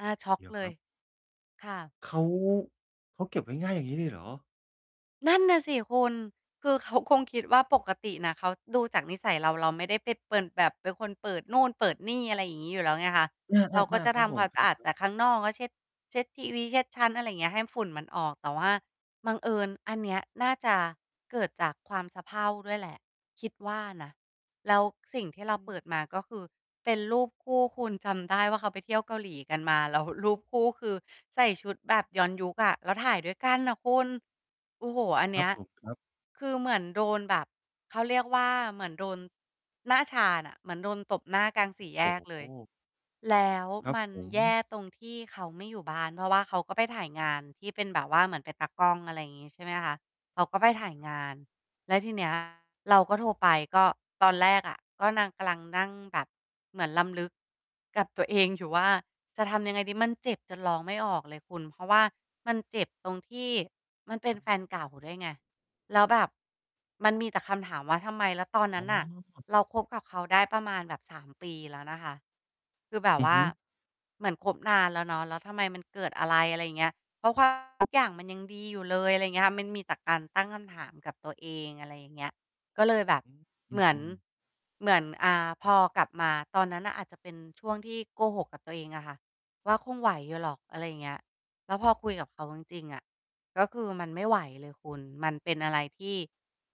อา ช็อกเดี๋ยวเลครัย บ ค่ะ เขา เขาเก็บง่าย ๆ อย่างงี้เลยเหรอ? นั่นน่ะสิคุณ คือเขาคงคิดว่าปกติน่ะ เขาดูจากนิสัย เรา เราไม่ได้ไปเปิ่น แบบเป็นคนเปิดนู่นเปิดนี่ อะไรอย่างงี้อยู่แล้วไงคะ อเราก็า จๆ ะๆ ครทับผำคม วามคสะรอาดัแบ ๆ ต่ข้างนอก ก็ เช็ด เช็ดทีวี เช็ดชั้น อะไรเงี้ย ให้ฝุ่นมันออก แต่ว่าบังเอิญอันเนี้ยน่าจะเกิดจากความสะเพร่าด้วยแหละ คิดว่านะ แล้วสิ่งที่เราเปิดมา ก็คือเป็นรูปคู่คุณ จำได้ว่าเขาไปเที่ยวเกาหลีกันมา แล้ว รูปคู่ คือใส่ชุดแบบย้อนยุคอะ แล้วถ่ายด้วยกันน่ะคุณ โอ้โฮ อันคเนรัีบ้ย ผม ครับ คือเหมือนโดนแบบ เขาเรียกว่า เหมือนโดน หน้าชาน่ะ เหมือนโดนตบหน้ากลางสี่แยโอ้กโเลฮ ย แล้วครับมันผแย่ม ตรงที่เขาไม่อยู่บ้าน เพราะว่าเขาก็ไปถ่ายงานที่เป็นแบบว่าเหมือนเป็นตากล้อง อะไรงี้ ใช่ไหมคะ เขาก็ไปครับผถม ่ายครับ งาน แล้วที เนี้ย เราก็โทรไป ก็ตอนแรกอะ ก็นางกำลังนั่งแบบเหมือนรำลึกกับตัวเองอยู่ว่า จะทำยังไงดี? มันเจ็บจนร้องไม่ออกเลยคุณ เพราะว่ามันเจ็บตรงที่มันเป็นแฟนเก่าด้วยไง แล้วแบบมันมีแต่คำถามว่า "ทำไม?" แล้วตอนนอั๋้นน่ะอ เรา คบกับเขาได้ประมาณแบบ 3 ปีแล้วนะคะ คือแบบอือวฮ่าึ เหมือนคบนานแล้วเนาะ แล้วทำไมมันเกิดอะไร? อะไรอย่างเงี้ย เพราะ ว่า ทุกอย่างมันยังดีอยู่เลย อะไรเงี้ย มันมีแต่การตั้งคำถามกับตัวเอง อะไรอย่างเงี้ย ก็เลยแบบ อืม อเหมือน ือ ๆ เหมือน อ่า พอกลับมาตอนนั้นน่ะ อาจจะเป็นช่วงที่โกหกกับตัวเองอะค่ะว่า คงไหวอยู่หรอก อะไรอย่างเงี้ย แล้ว พอคุยกับเขาจริง ๆ อะ ก็คือมันไม่ไหวเลยคุณ มันเป็นอะไรที่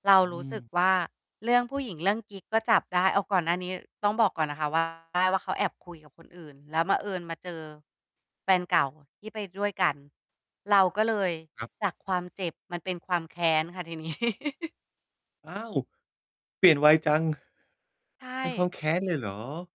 เราอืรู้สึกม ว่า เรื่อง ผู้หญิง เรื่องกิ๊ก ก็จับได้ เอาก่อนหน้านี้ต้องบอกก่อนนะคะ ว่า ได้ ว่า เขาแอบคุยกับคนอื่น แล้วบังเอิญ มาเจอ แฟนเก่าที่ไปด้วยกัน เราก็เลยครับ จากความเจ็บ มันเป็นความแค้นค่ะที นี้ อ้าว! เปลี่ยนไวจัง ใชเป็นควา่ มแค้นเลยเหรอ?